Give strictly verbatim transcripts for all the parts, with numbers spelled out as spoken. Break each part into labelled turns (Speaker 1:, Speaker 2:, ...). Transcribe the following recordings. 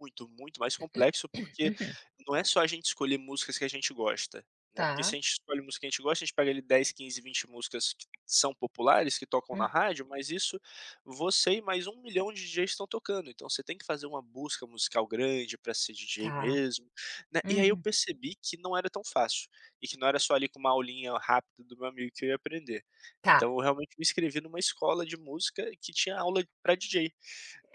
Speaker 1: Muito, muito mais complexo, porque
Speaker 2: Uhum.
Speaker 1: não é só a gente escolher músicas que a gente gosta, né, porque se
Speaker 2: Tá.
Speaker 1: a gente escolhe música que a gente gosta a gente pega ali dez, quinze, vinte músicas que são populares, que tocam na
Speaker 2: Hum.
Speaker 1: rádio, mas isso você e mais um milhão de DJs estão tocando. Então, você tem que fazer uma música musical grande pra ser DJ
Speaker 2: Tá.
Speaker 1: mesmo, né, e aí eu
Speaker 2: Uhum.
Speaker 1: percebi que não era tão fácil, e que não era só ali com uma aulinha rápida do meu amigo que eu ia aprender. Então,
Speaker 2: Tá.
Speaker 1: eu realmente me inscrevi em uma escola de música que tinha aula pra DJ,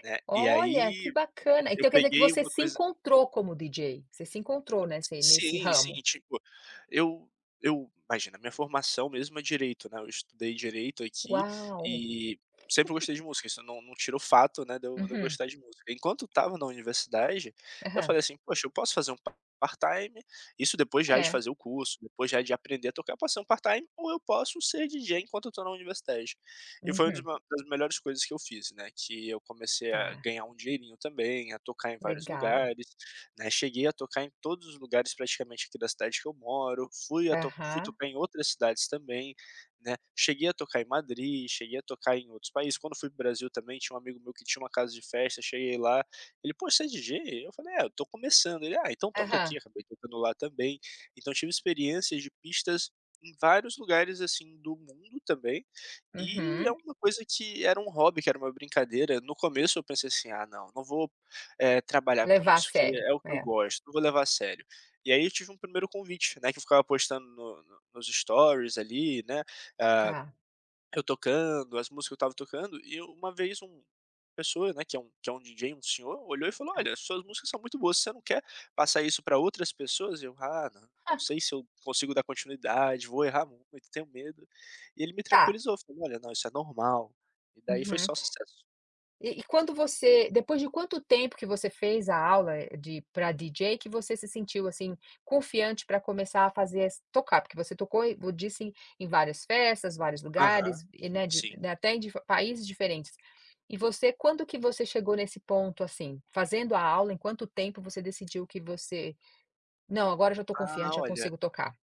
Speaker 1: né, e aí
Speaker 2: Olha, que bacana.
Speaker 1: e eu
Speaker 2: Então quer dizer que
Speaker 1: peguei
Speaker 2: você
Speaker 1: uma
Speaker 2: se
Speaker 1: coisa
Speaker 2: encontrou como DJ, você se encontrou nesse nesse
Speaker 1: Sim, sim.
Speaker 2: ramo?
Speaker 1: Tipo, eu eu imagina, a minha formação mesmo é direito, né, eu estudei direito, aqui,
Speaker 2: Uau.
Speaker 1: e sempre gostei de música, isso não não tira o fato, né, de eu de eu
Speaker 2: Uhum.
Speaker 1: gostar de música. Enquanto estava na universidade, eu
Speaker 2: Aham.
Speaker 1: falei assim: "Poxa eu posso fazer um par part-time", isso depois já de
Speaker 2: É.
Speaker 1: fazer o curso, depois já de aprender a tocar, "Posso fazer um part-time ou eu posso ser DJ enquanto eu tô na universidade". E foi um dos
Speaker 2: Uhum.
Speaker 1: maio uma das melhores coisas que eu fiz, né, que eu comecei a
Speaker 2: Tá.
Speaker 1: ganhar um dinheirinho também, a tocar em vários
Speaker 2: Legal.
Speaker 1: lugares, né, cheguei a tocar em todos os lugares praticamente aqui da cidade que eu moro, fui a to fui
Speaker 2: Aham.
Speaker 1: tocar em outras cidades também, né, cheguei a tocar em Madrid, cheguei a tocar em outros países. Quando fui para o Brasil também tinha um amigo meu que tinha uma casa de festa, cheguei lá, ele "Poxa você é de DJ?" Eu falei: "É eu tô começando", ele: "Ah, então, toca aqui",
Speaker 2: Aham.
Speaker 1: acabei tocando lá também, então eu tive experiências de pistas em vários lugares assim do mundo, também, e é
Speaker 2: Uhum.
Speaker 1: uma coisa que era um hobby, que era uma brincadeira, no começo eu pensei assim: "Ah não, não vou, eh, trabalhar com
Speaker 2: Levar a
Speaker 1: isso, porque
Speaker 2: sério,
Speaker 1: é o que eu
Speaker 2: é.
Speaker 1: gosto, não vou levar a sério." E aí eu tive um primeiro convite, né, que ficava postando no no nos storys ali, né, ah,
Speaker 2: Tá.
Speaker 1: eu tocando, as músicas que eu estava tocando e uma vez uma uma pessoa, né, que é um que é um DJ, um senhor, olhou e falou:
Speaker 2: Ah.
Speaker 1: "Olha, as suas músicas são muito boas, você não quer passar isso para outras pessoas?" E eu "Ah não, não
Speaker 2: Há.
Speaker 1: sei se eu consigo dar continuidade, vou errar muito, tenho medo." E ele me
Speaker 2: Tá.
Speaker 1: tranquilizou, falou: "Olha, não, isso é normal." E daí foi
Speaker 2: Uhum.
Speaker 1: só o sucesso.
Speaker 2: E e quando você depois de quanto tempo que você fez a aula, eh, de pra DJ que você se sentiu, assim, confiante pra começar a fazer, ass tocar, porque você tocou e disse em em várias festas, vários
Speaker 1: Aham,
Speaker 2: lugares e,
Speaker 1: si
Speaker 2: né, de
Speaker 1: sim.
Speaker 2: até em di países diferentes. E você, quando que você chegou nesse ponto, assim, fazendo a aula, em quanto tempo você decidiu que você: "Não agora eu já tô
Speaker 1: Ah,
Speaker 2: confiante já
Speaker 1: olha
Speaker 2: consigo tocar."?